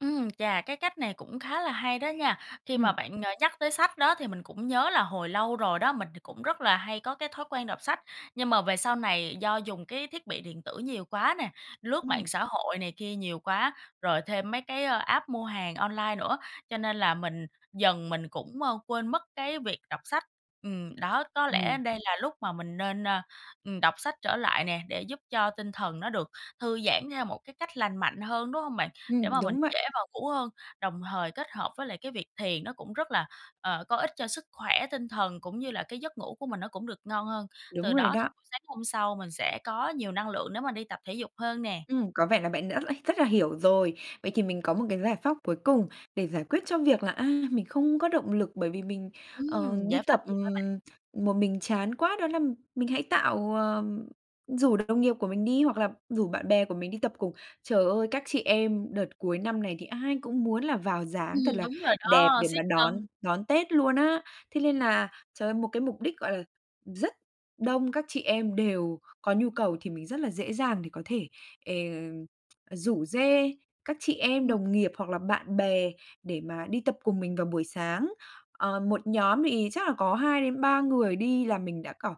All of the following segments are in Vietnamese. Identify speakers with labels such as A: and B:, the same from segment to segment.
A: Ừm, chà, cái cách này cũng khá là hay đó nha. Khi mà
B: Ừm.
A: bạn, ờ, nhắc tới sách đó, thì mình cũng nhớ là hồi lâu rồi đó, mình thì cũng rất là hay có cái thói quen đọc sách. Nhưng mà về sau này, do dùng cái thiết bị điện tử nhiều quá nè, lướt mạng
B: Ừm.
A: xã hội này kia nhiều quá, rồi thêm mấy cái app mua hàng online nữa, cho nên là mình dần mình cũng quên mất cái việc đọc sách. Ừm, đó, có lẽ
B: Ừm.
A: đây là lúc mà mình nên, ờ, ừm, đọc sách trở lại nè, để giúp cho tinh thần nó được thư giãn theo một cái cách lành mạnh hơn, đúng hông bạn? Để
B: Ừm,
A: mà mình
B: đúng vậy.
A: dễ vào ngủ hơn, đồng thời kết hợp với lại cái việc thiền nó cũng rất là, ờ, có ích cho sức khỏe tinh thần, cũng như là cái giấc ngủ của mình nó cũng được ngon hơn. Từ
B: Đúng rồi
A: đó thì
B: đó.
A: buổi sáng hôm sau mình sẽ có nhiều năng lượng nếu mà đi tập thể dục hơn nè.
B: Ừm, có vẻ là bạn đã rất rất là hiểu rồi. Vậy thì, mình có một cái giải pháp cuối cùng để giải quyết cho việc là, à, mình không có động lực, bởi vì mình, ờ,
A: Ừm,
B: đi
A: giải pháp
B: tập,
A: gì vậy bạn?
B: ừm, một mình chán quá. Đó là mình hãy tạo ờ, rủ đồng nghiệp của mình đi hoặc là rủ bạn bè của mình đi tập cùng. Trời ơi, các chị em đợt cuối năm này, thì ai cũng muốn là vào dáng thật
A: Ừm,
B: là
A: đúng rồi
B: đẹp
A: đó,
B: để mà
A: siết
B: đón
A: cân.
B: đón Tết luôn á. Thế nên là, trời ơi, một cái mục đích, gọi là, rất đông các chị em đều có nhu cầu thì mình rất là dễ dàng để có thể, ờ, rủ rê các chị em
A: Ờ.
B: đồng nghiệp hoặc là bạn bè để mà đi tập cùng mình vào buổi sáng. Ờ, một nhóm thì chắc là có 2 đến 3 người đi là mình đã kiểu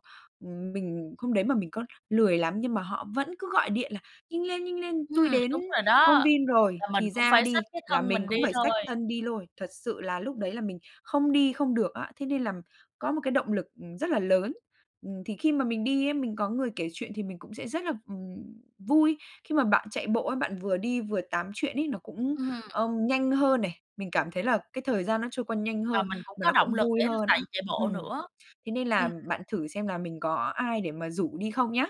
B: mình hôm đấy mà mình có lười lắm nhưng mà họ vẫn cứ gọi điện là: "Nhanh lên, nhanh lên tui
A: Ừm,
B: đến
A: đúng rồi
B: công
A: đó,
B: viên rồi,
A: là mình
B: thì
A: cũng
B: ra
A: phải
B: đi!",
A: xách cái
B: là
A: thân
B: mình
A: mình
B: cũng
A: đi
B: phải xách
A: thôi.
B: thân đi lôi. Thật sự là, lúc đấy là mình không đi không được á. Thế nên là có một cái động lực rất là lớn. Thì khi mà mình đi ấy, mình có người kể chuyện thì mình cũng sẽ rất là, ừm, vui. Khi mà bạn chạy bộ ấy, bạn vừa đi vừa tám chuyện ấy, nó cũng,
A: Ừm.
B: ờ, nhanh hơn này. Mình cảm thấy là cái thời gian nó trôi qua nhanh
A: Và
B: hơn,
A: mình cũng
B: mà
A: có
B: nó cũng
A: động lực
B: vui
A: để
B: hơn
A: chạy
B: nữa.
A: chạy bộ
B: Ừm,
A: nữa.
B: thế nên
A: Ừm.
B: là, bạn thử xem là mình có ai để mà rủ đi không nhá.